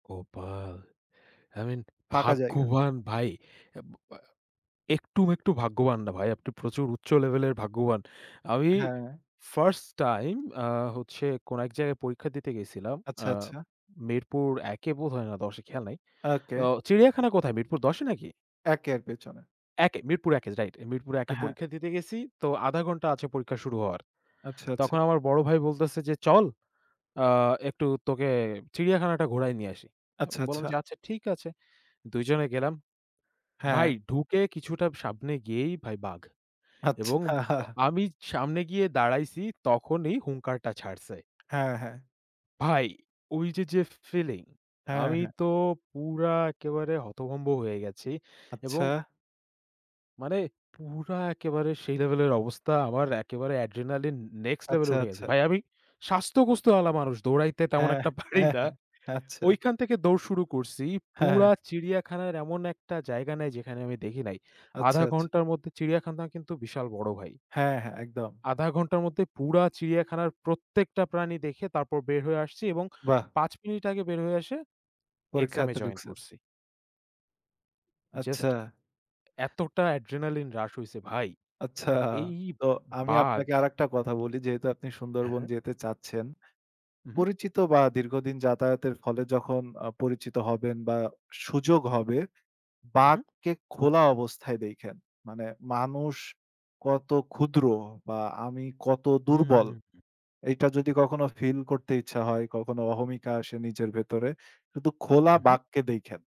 কপাল, I mean ফাঁকা জায়গা। ভাগ্যবান ভাই। আব আ একটু, একটু ভাগ্যবান না ভাই; আপনি প্রচুর উচ্চ লেভেলের ভাগ্যবান। আমি হ্যাঁ। 1st টাইম আ হচ্ছে কোন এক জায়গায় পরীক্ষা দিতে গেছিলাম। আচ্ছা, আ আচ্ছা। মিরপুর ১ এ বোধ হয় না ১০ এ, খেয়াল নাই। ওকে। আ চিড়িয়াখানা কোথায়; মিরপুর ১০ এ নাকি? ১ এর পেছনে। ১ এ মিরপুর ১ এ রাইট। মিরপুরে ১ এ হ্যাঁ। পরীক্ষা দিতে গেছি; তো ০.৫ ঘন্টা আছে পরীক্ষা শুরু হওয়ার। আচ্ছা, আচ্ছা। তখন আমার বড় ভাই বলতেছে যে, "চল, আ একটু তোকে চিড়িয়াখানাটা ঘোরায় নিয়ে আসি।" আ আচ্ছা, বললাম আচ্ছা। যে, "আচ্ছা ঠিক আছে।" ২ জনে গেলাম। ভাই হ্যাঁ। ঢুকে কিছুটা সামনে গিয়েই ভাই "বাঘ" এবং অ আচ্ছা। আমি সামনে গিয়ে দাঁড়াইছি তখনই হুঙ্কারটা ছাড়ছে। হ্যাঁ, হ্যাঁ। ভাই ওই যে, যে ফিলিং, হ্যাঁ, আমি হ্যাঁ। তো পুরা একেবারে হতভম্ব হয়ে গেছি এবং আচ্ছা। মানে পুরা একেবারে সেই লেভেলের অবস্থা আমার, একেবারে অ্যাড্রিনালিন নেক্সট লেভেল আচ্ছা, এ উঠে গেছে। আচ্ছা। ভাই আমি স্বাস্থ্যগোস্ত ওয়ালা মানুষ দৌড়াইতে তেমন হ্যাঁ, একটা পাড়ি হ্যাঁ, না। হ্যাঁ। আচ্ছা। ওইখান থেকে দৌড় শুরু করছি, হ্যাঁ, পুরা হ্যাঁ। চিড়িয়াখানার এমন একটা জায়গা নেই যেখানে আমি দেখি নাই। আচ্ছা, ০.৫ আচ্ছা। ঘন্টার মধ্যে, চিড়িয়াখানা কিন্তু বিশাল বড় ভাই। হ্যাঁ, হ্যাঁ, একদম। ০.৫ ঘন্টার মধ্যে পুরা চিড়িয়াখানার প্রত্যেকটা প্রাণী দেখে তারপর বের হয়ে আসছি এবং বাহ! ৫ মিনিট আগে বের হয়ে আসে এক্সাম এ পরীক্ষাতে জয়েন ঢুকছেন? করছি। জাস্ট আচ্ছা। এতটা অ্যাড্রিনালিন হ্রাস হইছে ভাই। আচ্ছা। এই তো আমি বাঘ আপনাকে আরেকটা কথা বলি যেহেতু আপনি হ্যাঁ, সুন্দরবন হ্যাঁ। যেতে চাচ্ছেন। হু, হু। পরিচিত বা দীর্ঘদিন যাতায়াতের ফলে যখন আ পরিচিত হবেন বা সুযোগ হবে। হু, হু। বাঘকে খোলা অবস্থায় দেইখেন। মানে মানুষ কত ক্ষুদ্র বা আমি কত দুর্বল; হুম। এইটা যদি কখনো ফিল করতে ইচ্ছা হয়, কখনো অহমিকা আসে নিজের ভেতরে কিন্তু খোলা হু, হু। বাঘকে দেইখেন।